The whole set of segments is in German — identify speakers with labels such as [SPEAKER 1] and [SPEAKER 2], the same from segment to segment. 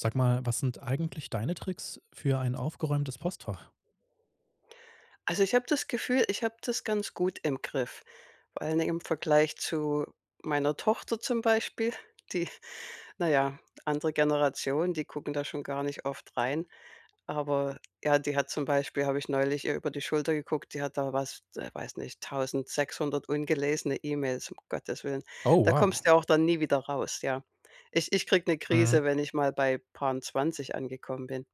[SPEAKER 1] Sag mal, was sind eigentlich deine Tricks für ein aufgeräumtes Postfach?
[SPEAKER 2] Also, ich habe das Gefühl, ich habe das ganz gut im Griff, weil, ne, im Vergleich zu meiner Tochter zum Beispiel, die na ja, andere Generation, die gucken da schon gar nicht oft rein. Aber, ja, die hat zum Beispiel habe ich neulich ihr über die Schulter geguckt, die hat da was d äh, weiß nicht, 1.600 ungelesene E-Mails, um Gottes Willen.
[SPEAKER 1] Oh,
[SPEAKER 2] Da
[SPEAKER 1] wow.
[SPEAKER 2] kommst du ja auch dann nie wieder raus, ja. Ich ich kriege 'ne
[SPEAKER 1] Mhm.
[SPEAKER 2] Krise, wenn ich mal bei paar 'n 20 angekommen bin.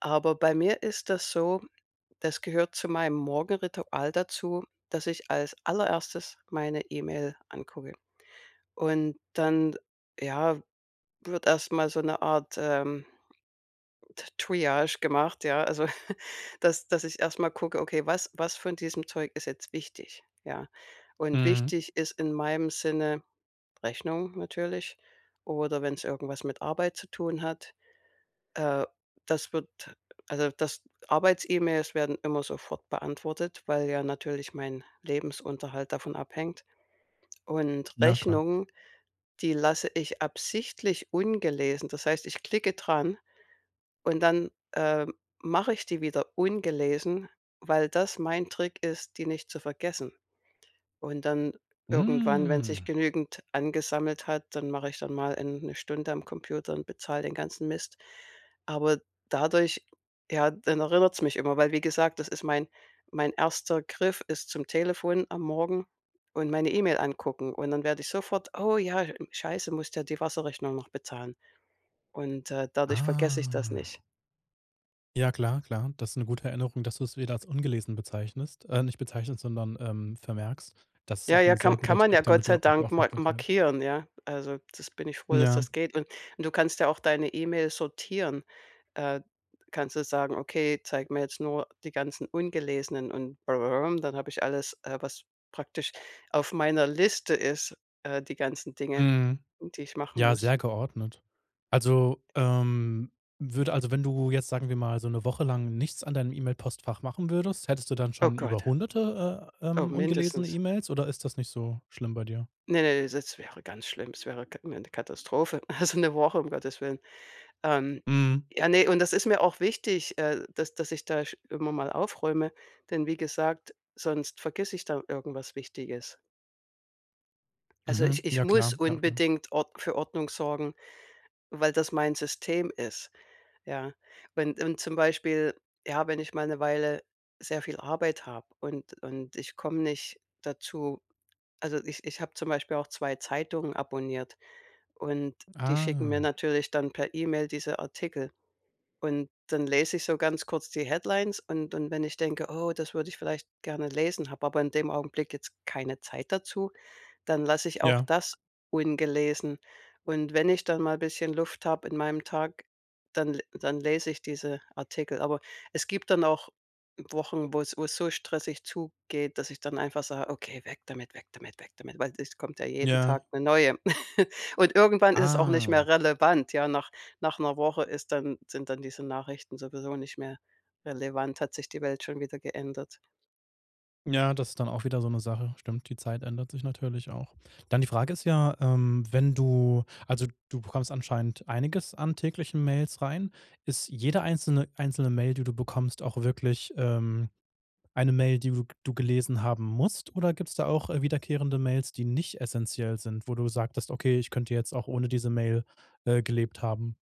[SPEAKER 2] Aber bei mir ist das so, das gehört zu meinem Morgenritual dazu, dass ich als Allererstes meine E-Mail angucke. Und dann, ja, wird erst mal so 'ne Art, ähm, T Triage gemacht, ja, also, dass dass ich erst mal gucke: „Okay, was was von diesem Zeug ist jetzt wichtig?“, ja? Und
[SPEAKER 1] Mhm.
[SPEAKER 2] wichtig ist in meinem Sinne, Rechnungen natürlich, oder wenn's irgendwas mit Arbeit zu tun hat, äh, das wird also, dass Arbeits-E-Mails werden immer sofort beantwortet, weil ja natürlich mein Lebensunterhalt davon abhängt. Und
[SPEAKER 1] Ja, klar.
[SPEAKER 2] Rechnungen, die lasse ich absichtlich ungelesen. Das heißt, ich klicke dran, und dann, äh, mache ich die wieder ungelesen, weil das mein Trick ist, die nicht zu vergessen. Und dann, irgendwann, wenn sich
[SPEAKER 1] Mhm.
[SPEAKER 2] genügend angesammelt hat, dann mache ich dann mal, ähm, 'ne Stunde am Computer und bezahle den ganzen Mist. Aber dadurch, ja dann erinnert's mich immer, weil wie gesagt, das ist mein mein 1. Griff ist zum Telefon am Morgen und meine E-Mail angucken und dann werde ich sofort: „Oh ja, hm, Scheiße, musst ja die Wasserrechnung noch bezahlen.“, und, äh, dadurch vergesse ich das
[SPEAKER 1] Ah.
[SPEAKER 2] nicht.
[SPEAKER 1] Ja klar, klar. Das ist 'ne gute Erinnerung, dass du's wieder als ungelesen bezeichnest äh, nicht bezeichnest, sondern, ähm, vermerkst. Das ist
[SPEAKER 2] Ja,
[SPEAKER 1] auch 'n
[SPEAKER 2] ja,
[SPEAKER 1] sehr
[SPEAKER 2] kann
[SPEAKER 1] guter
[SPEAKER 2] kann man
[SPEAKER 1] Trick,
[SPEAKER 2] ja Gott
[SPEAKER 1] damit du
[SPEAKER 2] sei
[SPEAKER 1] auch die
[SPEAKER 2] Dank mar
[SPEAKER 1] Aufmerksamkeit
[SPEAKER 2] markieren, ja. Also, das bin ich froh, dass
[SPEAKER 1] Ja.
[SPEAKER 2] das geht, und und du kannst ja auch deine E-Mails sortieren. Äh, kannst du sagen: „Okay, zeig mir jetzt nur die ganzen ungelesenen“ und dann habe ich alles, äh, was praktisch auf meiner Liste ist, äh, die ganzen Dinge,
[SPEAKER 1] Mhm.
[SPEAKER 2] die ich machen
[SPEAKER 1] Ja,
[SPEAKER 2] muss.
[SPEAKER 1] sehr geordnet. Also, ähm, würde also, wenn du jetzt, sagen wir mal, so 'ne Woche lang nichts an deinem E-Mail-Postfach machen würdest, hättest du dann
[SPEAKER 2] Oh,
[SPEAKER 1] schon
[SPEAKER 2] Gott.
[SPEAKER 1] über hunderte äh,
[SPEAKER 2] Oh,
[SPEAKER 1] ähm, ungelesene
[SPEAKER 2] mindestens.
[SPEAKER 1] E-Mails oder ist das nicht so schlimm bei dir?
[SPEAKER 2] Ne, ne, das wäre ganz schlimm. Es wäre Ka 'ne Katastrophe, also 'ne Woche, um Gottes Willen. Ähm,
[SPEAKER 1] Mhm.
[SPEAKER 2] ja, ne, und das ist mir auch wichtig, äh, dass dass ich da sch immer mal aufräume, denn wie gesagt, sonst vergesse ich da irgendwas Wichtiges. Also,
[SPEAKER 1] Mhm.
[SPEAKER 2] ich ich
[SPEAKER 1] Ja,
[SPEAKER 2] muss
[SPEAKER 1] klar. Ja, klar.
[SPEAKER 2] unbedingt Ord für Ordnung sorgen, weil das mein System ist, ja? Wenn und, zum Beispiel, ja, wenn ich mal 'ne Weile sehr viel Arbeit habe und und ich komme nicht dazu. Also, ich ich habe zum Beispiel auch 2 Zeitungen abonniert und die schicken mir
[SPEAKER 1] Ah.
[SPEAKER 2] natürlich dann per E-Mail diese Artikel. Und dann lese ich so ganz kurz die Headlines und und wenn ich denke: „Oh, das würde ich vielleicht gerne lesen“, habe aber in dem Augenblick jetzt keine Zeit dazu, dann lasse ich auch
[SPEAKER 1] Ja.
[SPEAKER 2] das ungelesen. Und wenn ich dann mal bisschen Luft habe in meinem Tag, dann le dann lese ich diese Artikel. Aber es gibt dann auch Wochen, wo's wo's so stressig zugeht, dass ich dann einfach sage: „Okay, weg damit, weg damit, weg damit“, weil es kommt ja jeden
[SPEAKER 1] Ja.
[SPEAKER 2] Tag 'ne Neue. Und irgendwann ist es auch nicht
[SPEAKER 1] Ah.
[SPEAKER 2] mehr relevant, ja? Nach nach 'ner Woche ist dann sind dann diese Nachrichten sowieso nicht mehr relevant, hat sich die Welt schon wieder geändert.
[SPEAKER 1] Ja, das ist dann auch wieder so 'ne Sache. Stimmt, die Zeit ändert sich natürlich auch. Dann die Frage ist ja, ähm, wenn du also, du bekommst anscheinend einiges an täglichen Mails rein. Ist jede einzelne einzelne Mail, die du bekommst, auch wirklich, ähm, eine Mail, die du du gelesen haben musst? Oder gibt's da auch, äh, wiederkehrende Mails, die nicht essenziell sind, wo du sagtest: „Okay, ich könnte jetzt auch ohne diese Mail, äh, gelebt haben?“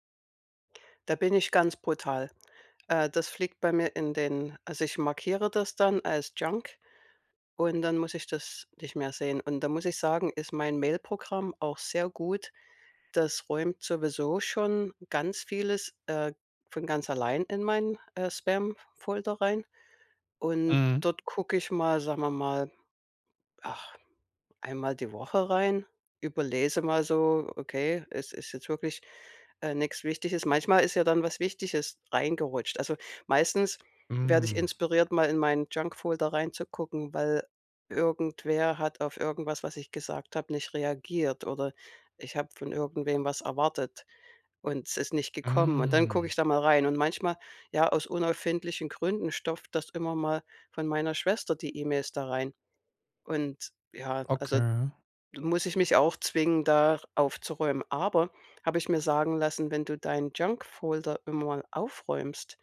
[SPEAKER 2] Da bin ich ganz brutal. Äh. Das fliegt bei mir in den also, ich markiere das dann als Junk und dann muss ich das nicht mehr sehen. Und da muss ich sagen, ist mein Mailprogramm auch sehr gut. Das räumt sowieso schon ganz vieles, äh, von ganz allein in mein, äh, Spamfolder rein. Und
[SPEAKER 1] Mhm.
[SPEAKER 2] dort gucke ich mal, sagen wir mal, ach, einmal die Woche rein, überlese mal so: „Okay, es ist jetzt wirklich, äh, nichts Wichtiges.“ Manchmal ist ja dann was Wichtiges reingerutscht. Also, meistens werde ich
[SPEAKER 1] Hm.
[SPEAKER 2] inspiriert, mal in meinen Junkfolder reinzugucken, weil irgendwer hat auf irgendwas, was ich gesagt habe, nicht reagiert oder ich habe von irgendwem was erwartet und es ist nicht gekommen. Und dann gucke
[SPEAKER 1] Hm.
[SPEAKER 2] ich da mal rein und manchmal, ja, aus unerfindlichen Gründen stopft das immer mal von meiner Schwester die E-Mails da rein. Und ja, also
[SPEAKER 1] Okay.
[SPEAKER 2] muss ich mich auch zwingen, da aufzuräumen. Aber, habe ich mir sagen lassen, wenn du deinen Junkfolder immer aufräumst,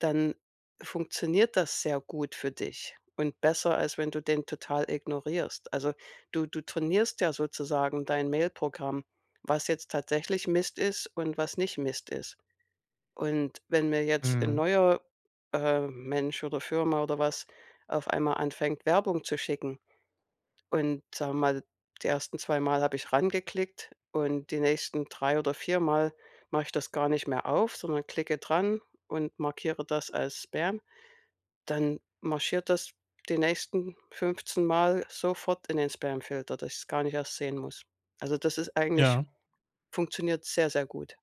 [SPEAKER 2] dann funktioniert das sehr gut für dich und besser, als wenn du den total ignorierst. Also, du du trainierst ja sozusagen dein Mailprogramm, was jetzt tatsächlich Mist ist und was nicht Mist ist. Und wenn mir jetzt 'n
[SPEAKER 1] Mhm.
[SPEAKER 2] neuer, äh, Mensch oder Firma oder was auf einmal anfängt, Werbung zu schicken und sagen wir mal, die ersten zweimal habe ich reingeklickt und die nächsten drei oder viermal mache ich das gar nicht mehr auf, sondern klicke dran und markiere das als Spam, dann marschiert das die nächsten fünfzehnmal sofort in den Spamfilter, dass ich es gar nicht erst sehen muss. Also, das ist eigentlich
[SPEAKER 1] Ja.
[SPEAKER 2] funktioniert sehr, sehr gut.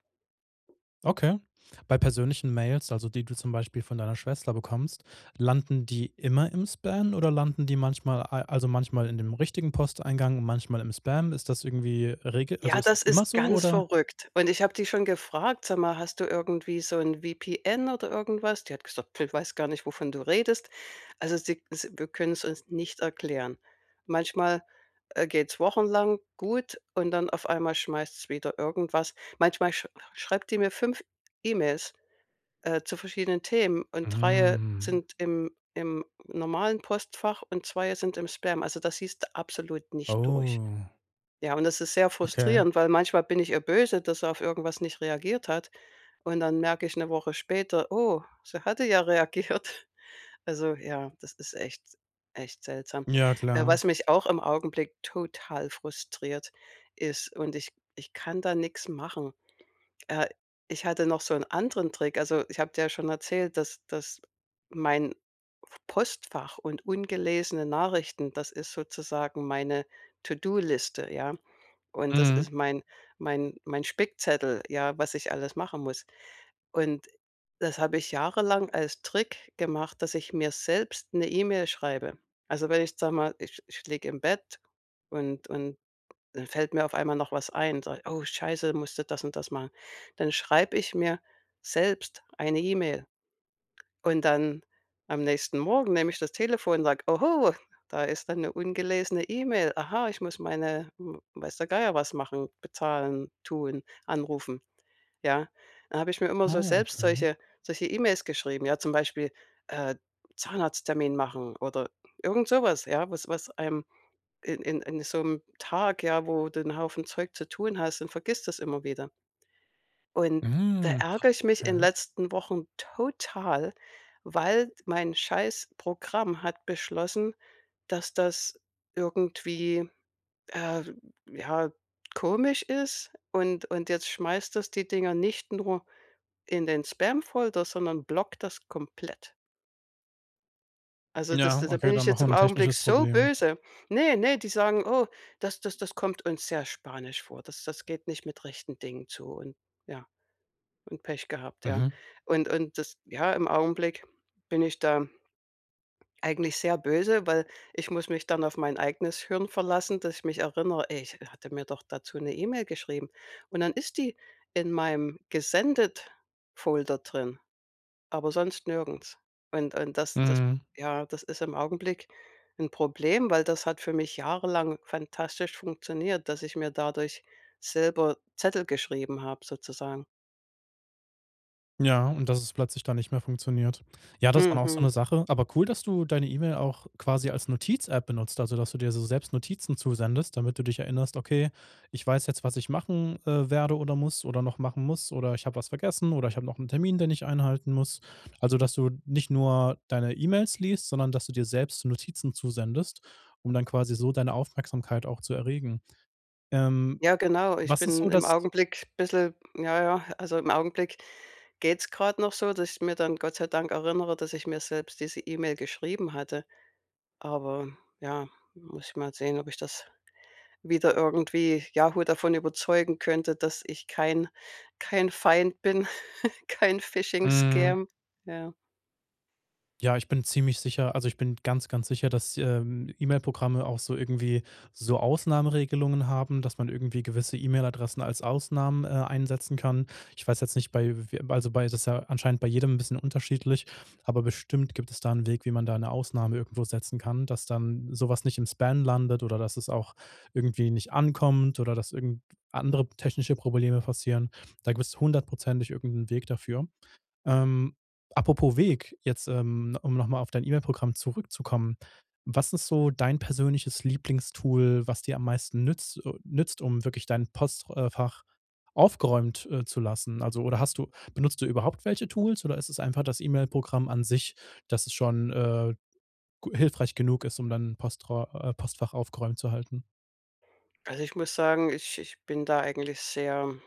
[SPEAKER 1] Okay. Bei persönlichen Mails, also, die du zum Beispiel von deiner Schwester bekommst, landen die immer im Spam oder landen die manchmal, al also, manchmal in dem richtigen Posteingang und manchmal im Spam? Ist das irgendwie Regel also,
[SPEAKER 2] Ja,
[SPEAKER 1] ist
[SPEAKER 2] das
[SPEAKER 1] es immer
[SPEAKER 2] ist
[SPEAKER 1] so,
[SPEAKER 2] ganz
[SPEAKER 1] oder?
[SPEAKER 2] verrückt. Und ich habe die schon gefragt: „Sag mal, hast du irgendwie so 'n VPN oder irgendwas?“ Die hat gesagt: „P weiß gar nicht, wovon du redest.“ Also sie s wir können's uns nicht erklären. Manchmal, äh, geht's wochenlang gut und dann auf einmal schmeißt's wieder irgendwas manchmal sch schreibt die mir 5 E-Mails, äh, zu verschiedenen Themen und 3
[SPEAKER 1] Mhm.
[SPEAKER 2] sind im im normalen Postfach und 2 sind im Spam. Also, da siehst du absolut nicht durch.
[SPEAKER 1] Oh.
[SPEAKER 2] Ja, und das ist sehr
[SPEAKER 1] Okay.
[SPEAKER 2] frustrierend, weil manchmal bin ich ihr böse, dass sie auf irgendwas nicht reagiert hat. Und dann merke ich 'ne Woche später: „Oh, sie hatte ja reagiert.“ Also, ja, das ist echt echt seltsam.
[SPEAKER 1] Ja,
[SPEAKER 2] Äh,
[SPEAKER 1] klar.
[SPEAKER 2] was mich auch im Augenblick total frustriert, ist und ich ich kann da nix machen. Äh, ich hatte noch so 'n anderen Trick. Also, ich habe dir ja schon erzählt, dass dass mein Postfach und ungelesene Nachrichten das ist sozusagen meine To-do-Liste, ja, und das
[SPEAKER 1] Mhm.
[SPEAKER 2] ist mein mein mein Spickzettel, ja, was ich alles machen muss. Und das habe ich jahrelang als Trick gemacht, dass ich mir selbst 'ne E-Mail schreibe. Also, wenn ich, sage mal, ich ich liege im Bett und und dann fällt mir auf einmal noch was ein und sage: „Oh, Scheiße, musst du das und das machen.“ Dann schreibe ich mir selbst eine E-Mail und dann, am nächsten Morgen, nehme ich das Telefon, sage: „Oho, da ist da 'ne ungelesene E-Mail. Aha, ich muss meine w weiß der Geier was machen, bezahlen, tun, anrufen.“, ja? Da habe ich mir immer so
[SPEAKER 1] Oh,
[SPEAKER 2] selbst
[SPEAKER 1] okay.
[SPEAKER 2] solche solche E-Mails geschrieben, ja? Zum Beispiel, äh, „Zahnarzttermin machen“ oder irgend sowas, ja? Was was einem in in in so 'nem Tag, ja, wo du 'n Haufen Zeug zu tun hast, dann vergisst du das immer wieder. Und da
[SPEAKER 1] Mhm.
[SPEAKER 2] ärgere ich mich in
[SPEAKER 1] Okay.
[SPEAKER 2] letzten Wochen total, weil d mein Scheiß-Programm hat beschlossen, dass das irgendwie, äh, ja, komisch ist, und und jetzt schmeißt das die Dinger nicht nur in den Spam-Folder, sondern blockt das komplett. Also, das
[SPEAKER 1] Ja,
[SPEAKER 2] da
[SPEAKER 1] okay,
[SPEAKER 2] bin ich
[SPEAKER 1] dann noch
[SPEAKER 2] jetzt im
[SPEAKER 1] 'n
[SPEAKER 2] Augenblick
[SPEAKER 1] technisches
[SPEAKER 2] so
[SPEAKER 1] Problem.
[SPEAKER 2] böse. Ne, ne, die sagen: „Oh, das das das kommt uns sehr spanisch vor. Das das geht nicht mit rechten Dingen zu und ja, und Pech gehabt“, ja.
[SPEAKER 1] Mhm.
[SPEAKER 2] Und und das ja, im Augenblick bin ich da eigentlich sehr böse, weil ich muss mich dann auf mein eigenes Hirn verlassen, dass ich mich erinnere: „Ey, ich ha hatte mir doch dazu 'ne E-Mail geschrieben.“ Und dann ist die in meinem Gesendet-Folder drin, aber sonst nirgends. Und und das das
[SPEAKER 1] Mhm.
[SPEAKER 2] ja, das ist im Augenblick 'n Problem, weil das hat für mich jahrelang fantastisch funktioniert, dass ich mir dadurch selber Zettel geschrieben habe sozusagen.
[SPEAKER 1] Ja, und dass es plötzlich dann nicht mehr funktioniert. Ja, das ist dann
[SPEAKER 2] Mhm.
[SPEAKER 1] auch so 'ne
[SPEAKER 2] Mhm.
[SPEAKER 1] Sache. Aber cool, dass du deine E-Mail auch quasi als Notiz-App benutzt, also dass du dir so selbst Notizen zusendest, damit du dich erinnerst: „Okay, ich weiß jetzt, was ich machen, äh, werde oder muss oder noch machen muss, oder ich habe was vergessen oder ich habe noch 'n Termin, den ich einhalten muss.“ Also, dass du nicht nur deine E-Mails liest, sondern dass du dir selbst Notizen zusendest, um dann quasi so deine Aufmerksamkeit auch zu erregen. Ähm,
[SPEAKER 2] Ja, genau. Ich
[SPEAKER 1] was ist so
[SPEAKER 2] bin im
[SPEAKER 1] das
[SPEAKER 2] Augenblick bisschen ja, ja also im Augenblick geht's grad noch so, dass ich mir dann Gott sei Dank erinnere, dass ich mir selbst diese E-Mail geschrieben hatte. Aber, ja, muss ich mal sehen, ob ich das wieder irgendwie Yahoo davon überzeugen könnte, dass ich kein kein Feind bin, kein
[SPEAKER 1] Mhm.
[SPEAKER 2] Phishing-Scam, ja.
[SPEAKER 1] Ja, ich bin ziemlich sicher also ich bin ganz ganz sicher, dass, ähm, E-Mail-Programme auch so irgendwie so Ausnahmeregelungen haben, dass man irgendwie gewisse E-Mail-Adressen als Ausnahmen, äh, einsetzen kann. Ich weiß jetzt nicht bei w also, bei das ist ja anscheinend bei jedem 'n bisschen unterschiedlich, aber bestimmt gibt es da 'n Weg, wie man da 'ne Ausnahme irgendwo setzen kann, dass dann so was nicht im Spam landet oder dass es auch irgendwie nicht ankommt oder dass irgend andere technische Probleme passieren. Da gibt's hundertprozentig irgend 'n Weg dafür. Ähm, apropos Weg, jetzt, ähm um noch mal auf dein E-Mail-Programm zurückzukommen, was ist so dein persönliches Lieblingstool, was dir am meisten nütz äh, nützt um wirklich dein Postr äh, Fach aufgeräumt, äh, zu lassen? Also oder hast du benutzt du überhaupt welche Tools oder ist es einfach das E-Mail-Programm an sich, dass es schon, äh, g hilfreich genug ist, um dann postra äh, Postfach aufgeräumt zu halten?
[SPEAKER 2] Also, ich muss sagen, ich ich bin da eigentlich sehr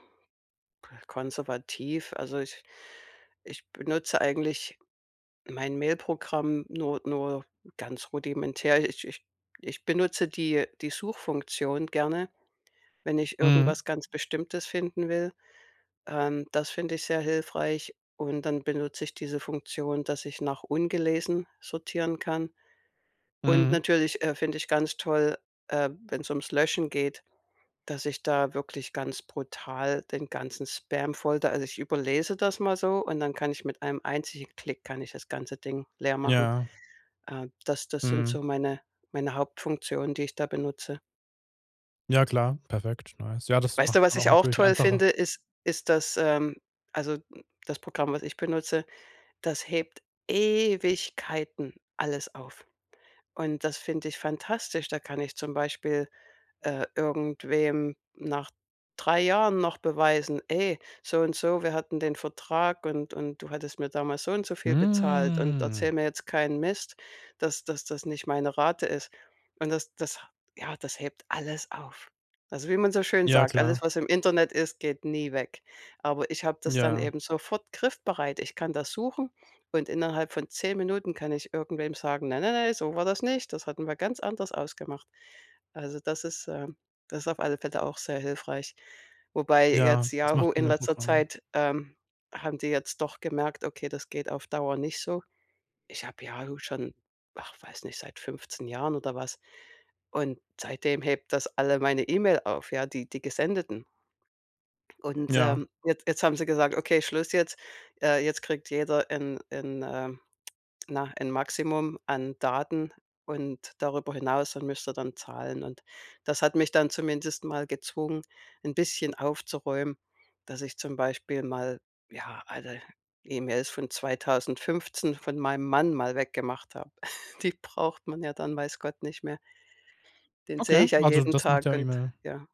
[SPEAKER 2] konservativ. Also, ich ich benutze eigentlich mein Mail-Programm nur nur ganz rudimentär. Ich ich ich benutze die die Suchfunktion gerne, wenn ich
[SPEAKER 1] Mhm.
[SPEAKER 2] irgendwas ganz Bestimmtes finden will. Ähm, das finde ich sehr hilfreich und dann benutze ich diese Funktion, dass ich nach ungelesen sortieren kann. Und
[SPEAKER 1] Mhm.
[SPEAKER 2] natürlich, äh, finde ich ganz toll, äh, wenn's ums Löschen geht, dass ich da wirklich ganz brutal den ganzen Spam voll da also, ich überlese das mal so und dann kann ich mit einem einzigen Klick kann ich das ganze Ding leer machen.
[SPEAKER 1] Ja.
[SPEAKER 2] Äh, das das sind
[SPEAKER 1] Mhm.
[SPEAKER 2] so meine meine Hauptfunktionen, die ich da benutze.
[SPEAKER 1] Ja, klar, perfekt, nice. Ja, das
[SPEAKER 2] Weißt du,
[SPEAKER 1] macht's
[SPEAKER 2] was
[SPEAKER 1] dann auch
[SPEAKER 2] ich auch
[SPEAKER 1] natürlich
[SPEAKER 2] toll
[SPEAKER 1] einfacher.
[SPEAKER 2] finde, ist ist das ähm, also, das Programm, was ich benutze, das hebt Ewigkeiten alles auf. Und das finde ich fantastisch, da kann ich zum Beispiel, äh, irgendwem nach 3 Jahren noch beweisen: „Ey, so und so, wir hatten den Vertrag und und du hattest mir damals so und so viel bezahlt und erzähle
[SPEAKER 1] Hm.
[SPEAKER 2] mir jetzt keinen Mist, dass dass das nicht meine Rate ist.“ Und das das ja, das hebt alles auf. Also, wie man so schön
[SPEAKER 1] Ja,
[SPEAKER 2] sagt: „Alles,
[SPEAKER 1] klar.
[SPEAKER 2] was im Internet ist, geht nie weg.“ Aber ich habe das dann
[SPEAKER 1] Ja.
[SPEAKER 2] eben sofort griffbereit. Ich kann das suchen und innerhalb von 10 Minuten kann ich irgendwem sagen: „Nein, nein, nein, so war das nicht, das hatten wir ganz anders ausgemacht.“ Also, das ist ähm, das ist auf alle Fälle auch sehr hilfreich. Wobei
[SPEAKER 1] Ja,
[SPEAKER 2] jetzt
[SPEAKER 1] das macht
[SPEAKER 2] Yahoo in letzter
[SPEAKER 1] E-Mail-Programme.
[SPEAKER 2] Zeit, ähm, haben die jetzt doch gemerkt: „Okay, das geht auf Dauer nicht so.“ Ich habe Yahoo schon, ach weiß nicht, seit 15 Jahren oder was und seitdem hebt das alle meine E-Mail auf, ja, die die Gesendeten. Und,
[SPEAKER 1] Ja.
[SPEAKER 2] ähm, jetzt jetzt haben sie gesagt: „Okay, Schluss jetzt. Äh, jetzt kriegt jeder ein ein ähm, na, ein Maximum an Daten und darüber hinaus dann müsst ihr dann zahlen.“ Und das hat mich dann zumindest mal gezwungen 'n bisschen aufzuräumen, dass ich zum Beispiel mal ja, alle E-Mails von 2015 von meinem Mann mal weggemacht habe. Die braucht man ja dann, weiß Gott, nicht mehr. Den
[SPEAKER 1] Okay,
[SPEAKER 2] sehe ich ja
[SPEAKER 1] also,
[SPEAKER 2] jeden
[SPEAKER 1] das macht
[SPEAKER 2] Tag
[SPEAKER 1] ja
[SPEAKER 2] und
[SPEAKER 1] E-Mail
[SPEAKER 2] ja.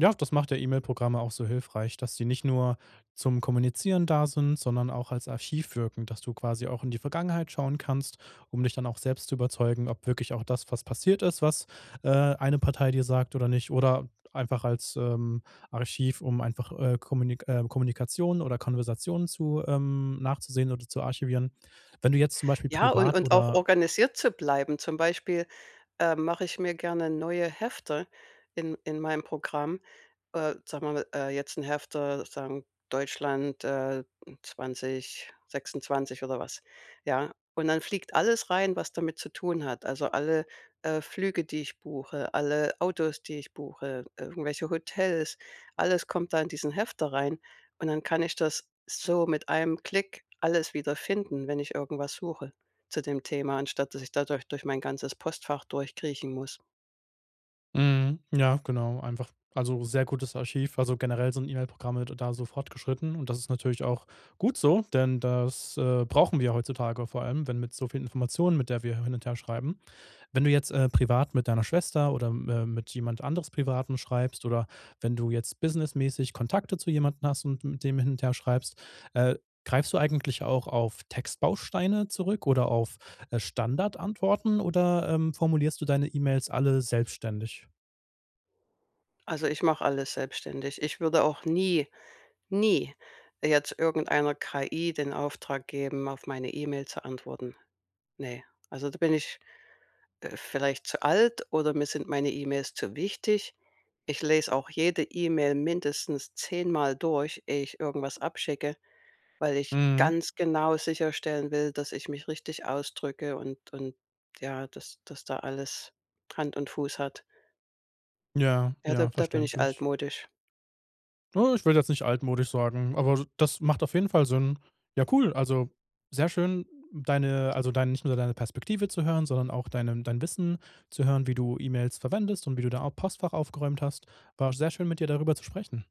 [SPEAKER 1] Ja, das macht ja E-Mail-Programme auch so hilfreich, dass die nicht nur zum Kommunizieren da sind, sondern auch als Archiv wirken, dass du quasi auch in die Vergangenheit schauen kannst, um dich dann auch selbst zu überzeugen, ob wirklich auch das, was passiert ist, was, äh, eine Partei dir sagt oder nicht. Oder einfach als, ähm, Archiv, um einfach, äh, Kommunik ähm, Kommunikationen oder Konversationen zu ähm, nachzusehen oder zu archivieren. Wenn du jetzt zum Beispiel
[SPEAKER 2] Ja, und
[SPEAKER 1] privat
[SPEAKER 2] und auch
[SPEAKER 1] oder
[SPEAKER 2] organisiert zu bleiben, zum Beispiel, äh, mache ich mir gerne neue Hefter in in mein Programm. Äh, sagen wir mal, äh, jetzt 'n Hefter sagen Deutschland, äh, 2026 oder was, ja? Und dann fliegt alles rein, was damit zu tun hat. Also, alle, äh, Flüge, die ich buche, alle Autos, die ich buche, irgendwelche Hotels, alles kommt da in diesen Hefter rein. Und dann kann ich das so mit einem Klick alles wiederfinden, wenn ich irgendwas suche zu dem Thema, anstatt dass ich da durch durch mein ganzes Postfach durchkriechen muss.
[SPEAKER 1] Mhm, ja, genau, einfach also, sehr gutes Archiv. Also, generell sind E-Mail-Programme d da so fortgeschritten. Und das ist natürlich auch gut so, denn das, äh, brauchen wir heutzutage vor allem, wenn mit so vielen Informationen, mit der wir hin und her schreiben. Wenn du jetzt, äh, privat mit deiner Schwester oder mä mit jemand anderes Privaten schreibst oder wenn du jetzt businessmäßig Kontakte zu jemandem hast und mit dem hin und her schreibst, äh, greifst du eigentlich auch auf Textbausteine zurück oder auf, äh, Standardantworten oder, ähm, formulierst du deine E-Mails alle selbstständig?
[SPEAKER 2] Also, ich mache alles selbstständig. Ich würde auch nie, nie jetzt irgendeiner KI den Auftrag geben, auf meine E-Mail zu antworten. Ne. Also, da bin ich, äh, vielleicht zu alt oder mir sind meine E-Mails zu wichtig. Ich lese auch jede E-Mail mindestens zehnmal durch, ehe ich irgendwas abschicke, weil ich
[SPEAKER 1] Mhm.
[SPEAKER 2] ganz genau sicherstellen will, dass ich mich richtig ausdrücke und und ja, dass dass da alles Hand und Fuß hat.
[SPEAKER 1] Ja,
[SPEAKER 2] Ja, da
[SPEAKER 1] ja,
[SPEAKER 2] da bin ich
[SPEAKER 1] verständlich.
[SPEAKER 2] altmodisch.
[SPEAKER 1] Na, ich würde jetzt nicht altmodisch sagen, aber d das macht auf jeden Fall Sinn. Ja cool, also, sehr schön deine also, dein nicht nur deine Perspektive zu hören, sondern auch dein ähm, dein Wissen zu hören, wie du E-Mails verwendest und wie du da a Postfach aufgeräumt hast, war sehr schön mit dir darüber zu sprechen.